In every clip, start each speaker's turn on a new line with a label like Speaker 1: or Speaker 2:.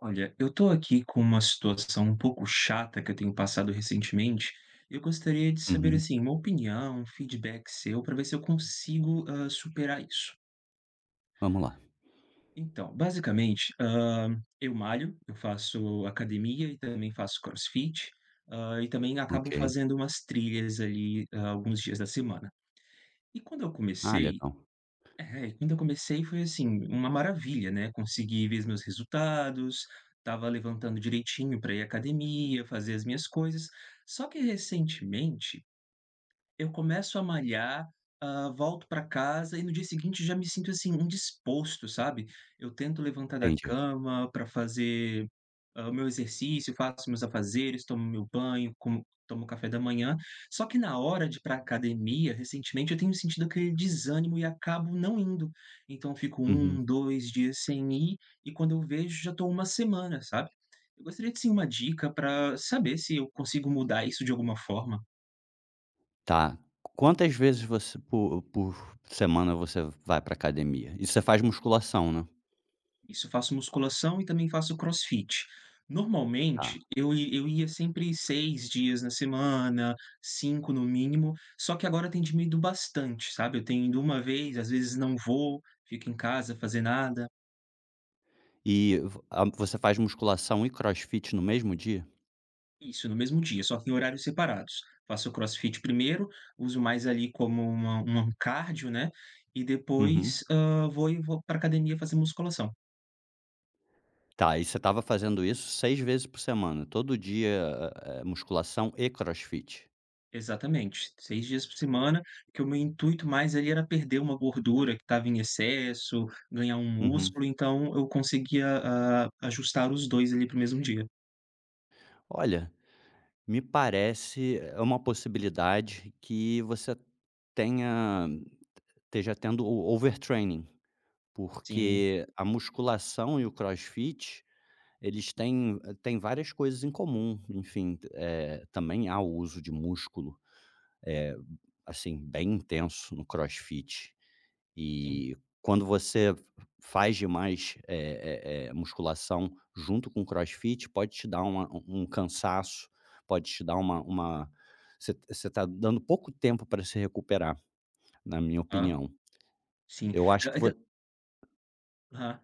Speaker 1: Olha, eu estou aqui com uma situação um pouco chata, que eu tenho passado recentemente, eu gostaria de saber
Speaker 2: Uhum.
Speaker 1: assim uma opinião, um feedback seu, para ver se eu consigo, hã, superar isso.
Speaker 2: Vamos lá.
Speaker 1: Então, basicamente, hã, eu malho, eu faço academia e também faço crossfit, hã, e também acabo
Speaker 2: OK.
Speaker 1: fazendo umas trilhas ali alguns dias da semana, e quando eu
Speaker 2: Ah,
Speaker 1: comecei,
Speaker 2: legal.
Speaker 1: é quando eu comecei foi assim, uma maravilha, né, consegui ver os meus resultados, estava levantando direitinho pra ir à academia, fazer as minhas coisas. Só que recentemente, eu começo a malhar, hã, volto pra casa e no dia seguinte já me sinto assim, indisposto sabe, eu tento levantar da
Speaker 2: Entendi.
Speaker 1: cama para fazer, hã, o meu exercício, faço os meus afazeres, tomo meu banho, como tomo café da manhã, só que na hora de ir pra a academia recentemente, eu tenho sentido aquele desânimo e acabo não indo, então fico
Speaker 2: Uhum.
Speaker 1: 1, 2 dias sem ir e quando eu vejo, já estou uma semana, sabe. Eu gostaria de sim uma dica, para saber se eu consigo mudar isso de alguma forma.
Speaker 2: Tá, quantas vezes você por por semana, você vai para a academia e você faz musculação, né?
Speaker 1: Isso, faço musculação e também faço CrossFit.
Speaker 2: Tá.
Speaker 1: Normalmente eu ia eu ia sempre 6 dias na semana, 5 no mínimo. Só que agora tem diminuído bastante, sabe. Eu tenho ido uma vez, às vezes não vou, fico em casa, fazer nada.
Speaker 2: E vo a você faz musculação e CrossFit no mesmo dia?
Speaker 1: Isso, no mesmo dia, só que em horários separados. Faço CrossFit primeiro, uso mais ali como uma um cardio, né? E
Speaker 2: Uhum.
Speaker 1: depois, hã, vou e vou pra a academia fazer musculação.
Speaker 2: Tá e você tava fazendo isso 6 vezes por semana, todo dia, ah, musculação e CrossFit.
Speaker 1: Exatamente, 6 dias por semana, que o meu intuito mais ali era perder uma gordura que tava em excesso, ganhar um
Speaker 2: Uhum.
Speaker 1: músculo. Então eu conseguia, ah, ajustar os 2, ali, para o mesmo dia.
Speaker 2: Olha, me parece, é uma possibilidade, que você tenha esteja tendo o overtraining,
Speaker 1: Sim.
Speaker 2: porque a musculação e o CrossFit eles têm têm várias coisas em comum. Enfim, eh, também, há o uso de músculo é, assim, bem intenso no CrossFit.
Speaker 1: Sim.
Speaker 2: E quando você faz demais, é é é musculação junto com o CrossFit, pode te dar uma um um um cansaço, pode te dar uma uma você você tá dando pouco tempo para se recuperar na minha
Speaker 1: A
Speaker 2: opinião.
Speaker 1: sim,
Speaker 2: Eu acho que
Speaker 1: ai
Speaker 2: vo
Speaker 1: tá. Aham.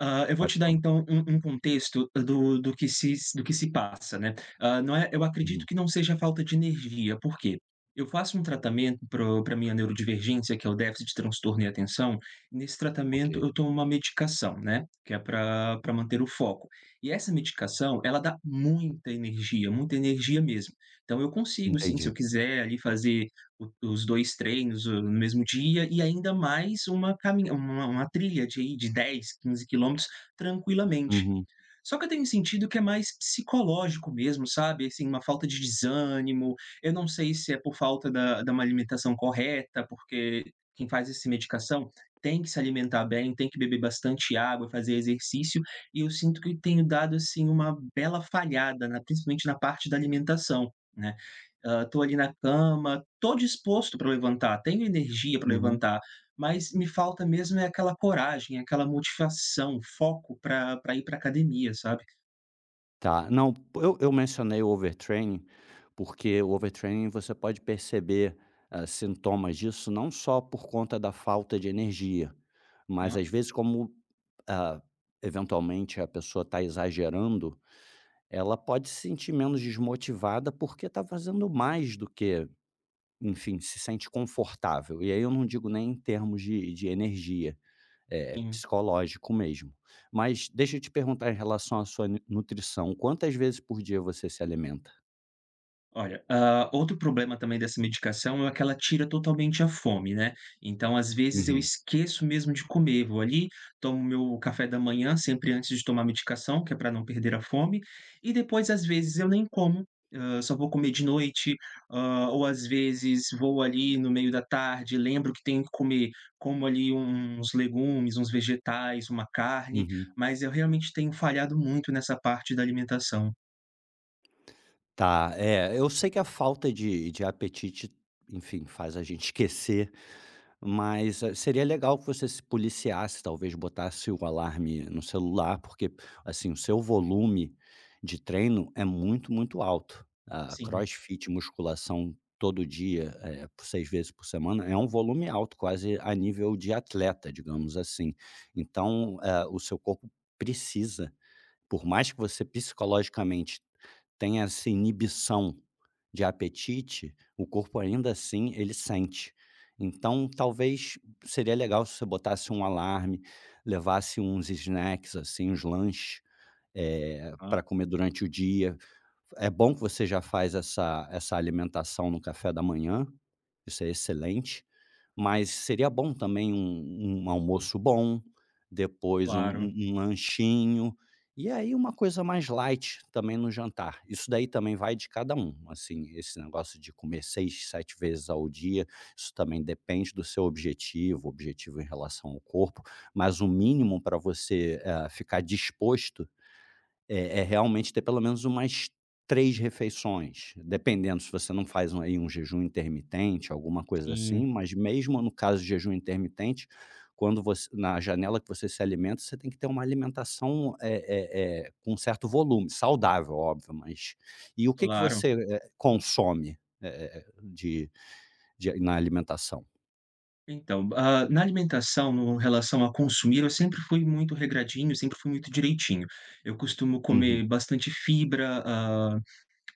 Speaker 1: Hã, eu vou
Speaker 2: Pode
Speaker 1: te dar,
Speaker 2: falar.
Speaker 1: então, um um contexto do do que se do que se passa, né. Ah, não é eu acredito
Speaker 2: Uhum.
Speaker 1: que não seja falta de energia. Por quê? Eu faço um tratamento pro pra minha neurodivergência, que é o déficit de transtorno e atenção. Nesse tratamento,
Speaker 2: Ok.
Speaker 1: eu tomo uma medicação, né, que é pra pra manter o foco. E essa medicação, ela dá muita energia, muita energia mesmo. Então eu consigo, sim, se
Speaker 2: Entendi.
Speaker 1: eu quiser fazer o os 2 treinos no mesmo dia. E e ainda mais uma camin uma uma trilha de aí de 10, 15 quilômetros tranquilamente.
Speaker 2: Uhum.
Speaker 1: Só que eu tenho sentido que é mais psicológico mesmo, sabe. Assim, uma falta de desânimo. Eu não sei se é por falta da da má alimentação correta, porque quem faz esse medicação tem que se alimentar bem, tem que beber bastante água, fazer exercício. E eu sinto que tenho dado, assim, uma bela falhada na principalmente na parte da alimentação, né. Hã, estou ali na cama, estou disposto pra levantar, tenho energia pra
Speaker 2: Uhum.
Speaker 1: levantar, mas me falta mesmo é aquela coragem, aquela motivação, foco pra pra ir pra academia, sabe?
Speaker 2: Tá, não, eu eu mencionei o overtraining porque o overtraining você pode perceber, ah, sintomas disso, não só por conta da falta de energia, mas
Speaker 1: hã?
Speaker 2: às vezes, como, ah, eventualmente a pessoa está exagerando, ela pode se sentir menos desmotivada, porque está fazendo mais do que, enfim, se sente confortável. E aí eu não digo nem em termos de de energia. É
Speaker 1: Sim.
Speaker 2: psicológico mesmo, mas deixa eu te perguntar, em relação à sua nu nutrição, quantas vezes por dia você se alimenta?
Speaker 1: Olha, ah, outro problema também dessa medicação é o que ela tira totalmente a fome, né, então, às vezes eu
Speaker 2: Uhum.
Speaker 1: esqueço mesmo de comer. Vou ali, tomo meu café da manhã, sempre antes de tomar a medicação, que é para não perder a fome, e depois às vezes eu nem como. Ah, só vou comer de noite. Ah, ou às vezes vou ali no meio da tarde, lembro que tenho que comer, como ali uns legumes, uns vegetais, uma carne,
Speaker 2: Uhum.
Speaker 1: mas eu realmente tenho falhado muito nessa parte da alimentação.
Speaker 2: Tá. É, eu sei que a falta de de apetite, enfim, faz a gente esquecer, mas seria legal que você se policiasse. Talvez botasse um alarme no celular, porque, assim, o seu volume de treino é muito, muito alto. Ah,
Speaker 1: Sim.
Speaker 2: CrossFit, musculação todo dia, eh, por 6 vezes por semana, é um volume alto, quase a nível de atleta, digamos assim. Então, eh, o seu corpo precisa, por mais que você psicologicamente tenha essa inibição de apetite, o corpo, ainda assim, ele sente. Então, talvez, seria legal se você botasse um alarme, levasse uns snacks, assim, uns lanches, eh,
Speaker 1: Hã.
Speaker 2: pra comer durante o dia. É bom que você já faz essa essa alimentação no café da manhã. Isso é excelente. Mas seria bom também um um almoço bom, depois um
Speaker 1: Claro.
Speaker 2: um um lanchinho. E aí uma coisa mais light também no jantar. Isso daí também vai de cada um. Assim, esse negócio de comer 6, 7 vezes ao dia, isso também depende do seu objetivo, objetivo em relação ao corpo. Mas o mínimo pra você, eh, ficar disposto eh eh, realmente ter pelo menos umas 3 refeições, dependendo se você não faz um aí um jejum intermitente, alguma coisa assim,
Speaker 1: Sim.
Speaker 2: mas, mesmo no caso de jejum intermitente, quando voc na janela que você se alimenta, você tem que ter uma alimentação, eh eh eh, com um certo volume, saudável, óbvio. Mas e o que que
Speaker 1: Claro.
Speaker 2: você, eh, consome, eh-eh, de de na alimentação?
Speaker 1: Então, ah, na alimentação, no em relação a consumir, eu sempre fui muito regradinho, sempre fui muito direitinho. Eu costumo
Speaker 2: Uhum.
Speaker 1: comer bastante fibra, hã,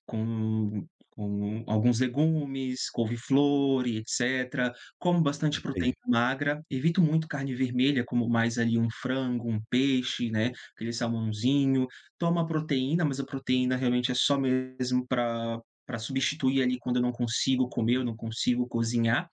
Speaker 1: com com alguns legumes, couve-flor e etecétera. Como
Speaker 2: Uhum.
Speaker 1: bastante proteína
Speaker 2: Entendi.
Speaker 1: magra. Evito muito carne vermelha. Como mais ali um frango, um peixe, né, aquele salmãozinho. Tomo a proteína, mas a proteína realmente é só mesmo pra pra substituir ali quando eu não consigo comer, eu não consigo cozinhar.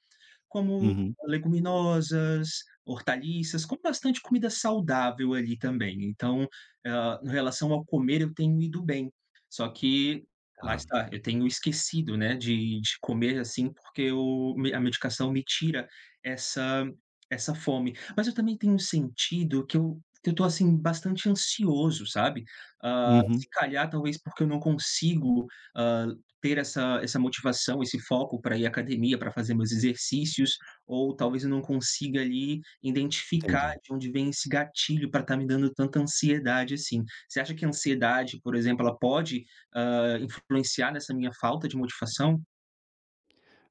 Speaker 1: Como
Speaker 2: Uhum.
Speaker 1: leguminosas, hortaliças, como bastante comida saudável ali também. Então, hã, em relação ao comer, eu tenho ido bem. Só que, lá
Speaker 2: Tá.
Speaker 1: está, eu tenho esquecido, né, de de comer, assim, porque o me a medicação me tira essa essa fome. Mas eu também tenho sentido que eu que eu estou, assim, bastante ansioso, sabe. Hã, se
Speaker 2: Uhum.
Speaker 1: calhar, talvez porque eu não consigo, hã, ter essa essa motivação, esse foco pra ir à academia, pra fazer meus exercícios, ou talvez eu não consiga ali identificar
Speaker 2: Entendi.
Speaker 1: de onde vem esse gatilho pra estar me dando tanta ansiedade, assim. Você acha que a ansiedade, por exemplo, ela pode, hã, influenciar nessa minha falta de motivação?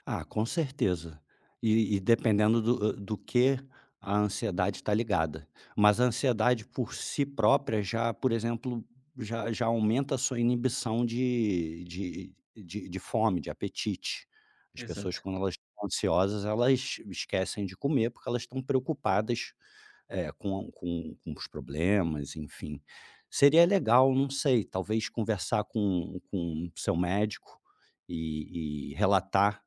Speaker 2: Ah, com certeza, e e dependendo do do que a ansiedade está ligada, mas a ansiedade por si própria já, por exemplo, já já aumenta a sua inibição de de de de fome, de apetite. As pessoas,
Speaker 1: Exato.
Speaker 2: quando elas estão ansiosas, elas esquecem de comer porque elas estão preocupadas, eh, com com com os problemas, enfim, seria legal, não sei, talvez conversar com com o seu médico e e relatar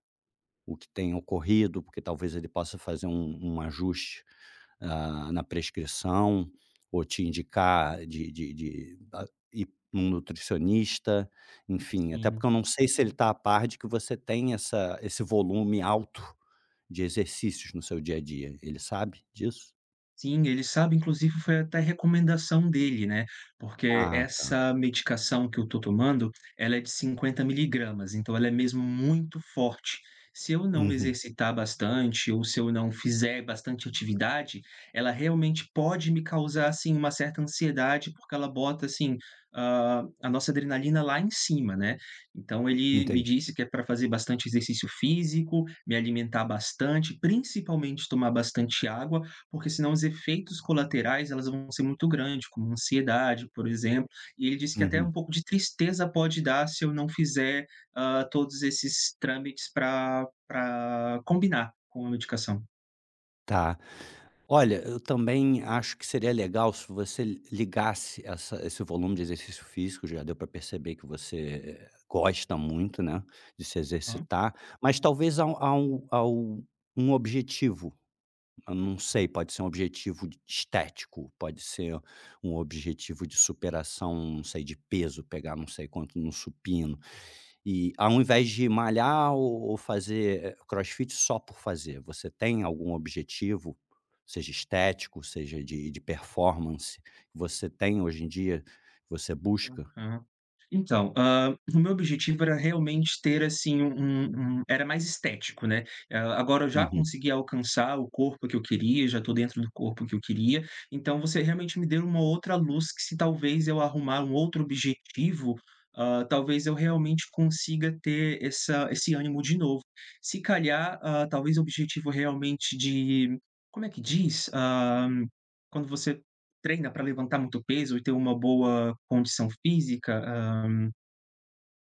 Speaker 2: o que tem ocorrido, porque talvez ele possa fazer um um ajuste, ah, na prescrição ou te indicar de de de, ah ir a um nutricionista, enfim, até porque
Speaker 1: Sim.
Speaker 2: eu não sei se ele está a par de que você tem essa esse volume alto de exercícios no seu dia a dia. Ele sabe disso?
Speaker 1: Sim, ele sabe, inclusive, foi até recomendação dele, né? Porque
Speaker 2: Ah, tá.
Speaker 1: essa medicação que eu estou tomando, ela é de 50 miligramas, então, ela é mesmo muito forte. Se eu não me
Speaker 2: Uhum.
Speaker 1: exercitar bastante ou se eu não fizer bastante atividade, ela realmente pode me causar, assim, uma certa ansiedade, porque ela bota, assim, hã, a nossa adrenalina lá em cima, né. Então ele me
Speaker 2: Entendi.
Speaker 1: disse que é pra fazer bastante exercício físico, me alimentar bastante, principalmente tomar bastante água, porque senão os efeitos colaterais, elas vão ser muito grande, como ansiedade, por exemplo. E ele disse que até
Speaker 2: Uhum.
Speaker 1: um pouco de tristeza pode dar se eu não fizer, ah, todos esses trâmites pra pra combinar com a medicação.
Speaker 2: Tá, olha, eu também acho que seria legal se você ligasse essa esse volume de exercício físico, já deu pra perceber que você gosta muito, né, de se
Speaker 1: Aham.
Speaker 2: exercitar, mas talvez a a um a um a um objetivo. Eu não sei, pode ser um objetivo estético, pode ser um objetivo de superação, não sei, de peso, pegar não sei quanto no supino. E, ao invés de malhar ou ou fazer CrossFit só por fazer, você tem algum objetivo, seja estético, seja de de performance, você tem, hoje em dia, que você busca?
Speaker 1: Aham. Então, hã, o meu objetivo era realmente ter, assim, um um era mais estético, né. Hã, agora eu já
Speaker 2: Uhum.
Speaker 1: consegui alcançar o corpo que eu queria, já estou dentro do corpo que eu queria, então você realmente me deu uma outra luz, que, se talvez eu arrumar um outro objetivo, hã, talvez eu realmente consiga ter essa esse ânimo de novo. Se calhar, hã, talvez objetivo realmente de como é que diz, hã, quando você treina pra levantar muito peso e ter uma boa condição física? "Hã,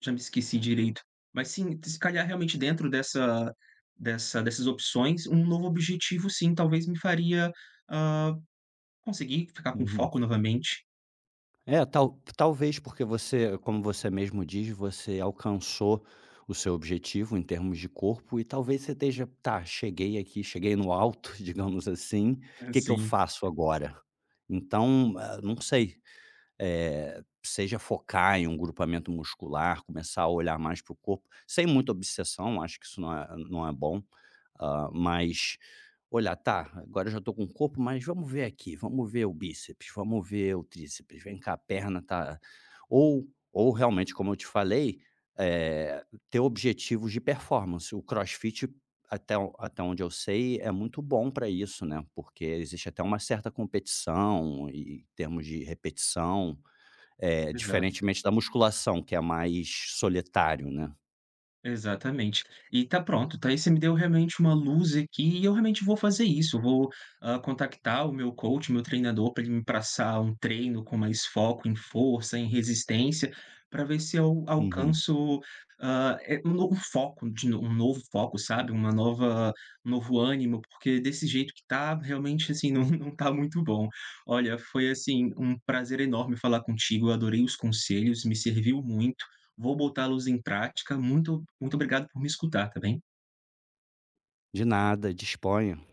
Speaker 1: já me esqueci direito". Mas, sim, se calhar, realmente, dentro dessa dessa dessas opções, um novo objetivo, sim, talvez me faria, hã, conseguir ficar com
Speaker 2: Uhum.
Speaker 1: foco novamente.
Speaker 2: É, tal talvez, porque você, como você mesmo diz, você alcançou o seu objetivo em termos de corpo, e talvez você esteja: "Tá, cheguei aqui. Cheguei no alto, digamos assim,
Speaker 1: Hã,
Speaker 2: que que eu
Speaker 1: sim.
Speaker 2: faço agora?" Então, eh, não sei. Eh, seja focar em um grupamento muscular, começar a olhar mais pro corpo, sem muita obsessão, acho que isso não é não é bom. Hã, mas olhar: "Tá, agora eu já estou com o corpo, mas vamos ver aqui. Vamos ver o bíceps, vamos ver o tríceps. Vem cá, perna tá" ou ou realmente, como eu te falei, eh, ter objetivos de performance. O CrossFit, até o até onde eu sei, é muito bom pra isso, né, porque existe até uma certa competição em em termos de repetição, eh,
Speaker 1: Exato.
Speaker 2: diferentemente da musculação, que é mais solitário, né?
Speaker 1: Exatamente. E, tá pronto, tá, e você me deu realmente uma luz aqui. E eu realmente vou fazer isso. Eu vou, ah, contactar o meu coach, meu treinador, pra ele me passar um treino com mais foco em força, em resistência pra ver se eu
Speaker 2: Uhum.
Speaker 1: alcanço, hã, é um um novo foco de um novo foco, sabe, uma nova um novo ânimo, porque, desse jeito que está, realmente, assim, não não está muito bom. Olha, foi, assim, um prazer enorme falar contigo. Eu adorei os conselhos, me serviu muito. Vou botá-los em prática. Muito muito obrigado por me escutar, tá bem?
Speaker 2: De nada, disponha.